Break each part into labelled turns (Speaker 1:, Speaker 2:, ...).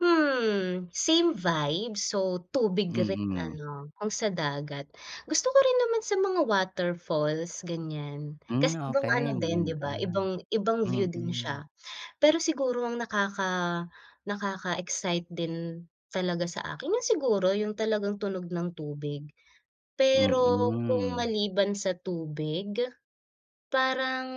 Speaker 1: Hmm, same vibe, so tubig rin
Speaker 2: Mhm.
Speaker 1: ano, kung sa dagat. Gusto ko rin naman sa mga waterfalls ganyan,
Speaker 2: Hmm,
Speaker 1: kasi ibang
Speaker 2: okey.
Speaker 1: ano din di
Speaker 2: Maganda.
Speaker 1: ba, ibang ibang view din
Speaker 2: Mhm.
Speaker 1: siya. Pero siguro, a ng nakaka nakaka-excite din talaga sa akin, yun siguro yung talagang tunog ng tubig. Pero kung
Speaker 2: Mhm.
Speaker 1: maliban sa tubig, parang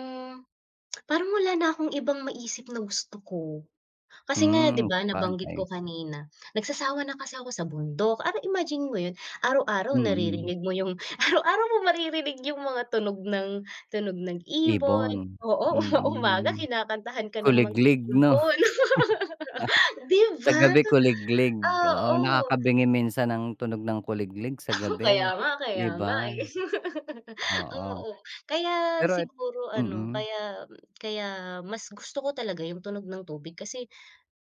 Speaker 1: parang wala na akong ibang maisip na gusto ko. Kasi nga di
Speaker 2: Hmm,
Speaker 1: ba, nabanggit ko
Speaker 2: sabagay.
Speaker 1: kanina nagsasawa na kasi ako sa bundok, ara imaginin mo yun, araw-araw
Speaker 2: Mhm.
Speaker 1: naririnig mo yung araw-araw mong maririnig yung mga tunog ng tunog ng ibon,
Speaker 2: Ibon.
Speaker 1: oo. Uma-umaga
Speaker 2: Mhm.
Speaker 1: kinakantahan ka ng mga
Speaker 2: Kuliglig, 'no?
Speaker 1: ibon. Di
Speaker 2: Sa
Speaker 1: ba?
Speaker 2: gabi kuliglig, oo.
Speaker 1: Oo.
Speaker 2: Nakakabingi minsan ang tunog ng kuliglig sa gabi,
Speaker 1: Kaya nga
Speaker 2: di
Speaker 1: kaya
Speaker 2: ba?
Speaker 1: nga, eh,
Speaker 2: Oo,
Speaker 1: oo. Kaya
Speaker 2: pero et
Speaker 1: siguro ano,
Speaker 2: mhm.
Speaker 1: kaya kaya mas gusto ko talaga yung tunog ng tubig kasi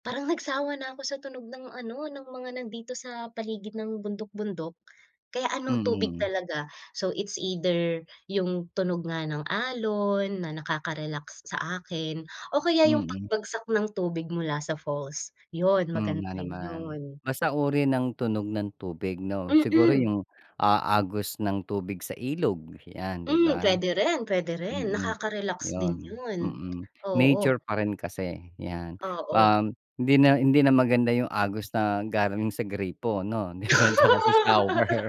Speaker 1: parang nagsawa na ako sa tunog ng ano, ng mga nandito sa paligid ng bundok-bundok. Kaya ano tubig
Speaker 2: Mhm.
Speaker 1: talaga, so it's either yung tunog nga ng alon, na nakaka-relax sa akin o kaya yung
Speaker 2: Mhm.
Speaker 1: pagbagsak ng tubig mula sa falls, yun
Speaker 2: Hmm,
Speaker 1: maganda
Speaker 2: nga
Speaker 1: rin
Speaker 2: naman.
Speaker 1: yun.
Speaker 2: Basta uri ng tunog ng tubig, 'no? Siguro
Speaker 1: Mhm.
Speaker 2: yung a agos ng tubig sa ilog 'yan, di
Speaker 1: Hmm,
Speaker 2: ba?
Speaker 1: puwede rin puwede rin,
Speaker 2: Mhm,
Speaker 1: nakaka-relax
Speaker 2: 'yon,
Speaker 1: din yun,
Speaker 2: mhm.
Speaker 1: oo.
Speaker 2: Nature pa rin kasi 'yan,
Speaker 1: Oo.
Speaker 2: um, hindi na hindi na maganda yung agos na galing sa gripo 'no, di ba, at tsaka sa shower.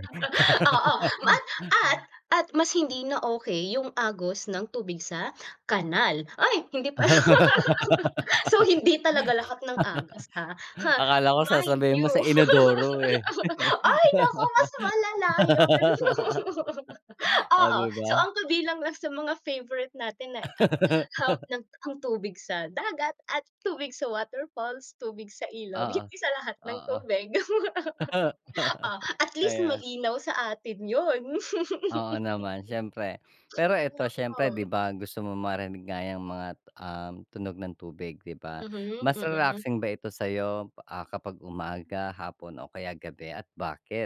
Speaker 1: Oo. Mat at at mas hindi na okey yung agos ng tubig sa kanal, ay! Hindi pa So, hindi talaga lahat ng agos, ha? Ha,
Speaker 2: Akala ko
Speaker 1: mind
Speaker 2: sasabihin
Speaker 1: you!
Speaker 2: mo sa inodoro, eh.
Speaker 1: Ay, naku mas malala yon!
Speaker 2: O,
Speaker 1: Oo,
Speaker 2: di
Speaker 1: so
Speaker 2: ba?
Speaker 1: ang kabilang lang sa mga favorite natin na um, ang tubig sa dagat at tubig sa waterfalls, tubig sa ilog
Speaker 2: Oo,
Speaker 1: hindi sa lahat ng
Speaker 2: oo.
Speaker 1: tubig. Oh, at least
Speaker 2: Ayan.
Speaker 1: malinaw sa atin 'yon.
Speaker 2: Oo naman, siyempre. Pero ito siyempre di
Speaker 1: [unintelligible]
Speaker 2: ba, gusto mong marinig nga yang mga, um, tunog ng tubig, di ba?
Speaker 1: Mhm,
Speaker 2: Mas
Speaker 1: mhm.
Speaker 2: relaxing ba ito sa'yo, ah, kapag umaga, hapon o kaya gabi at bakit?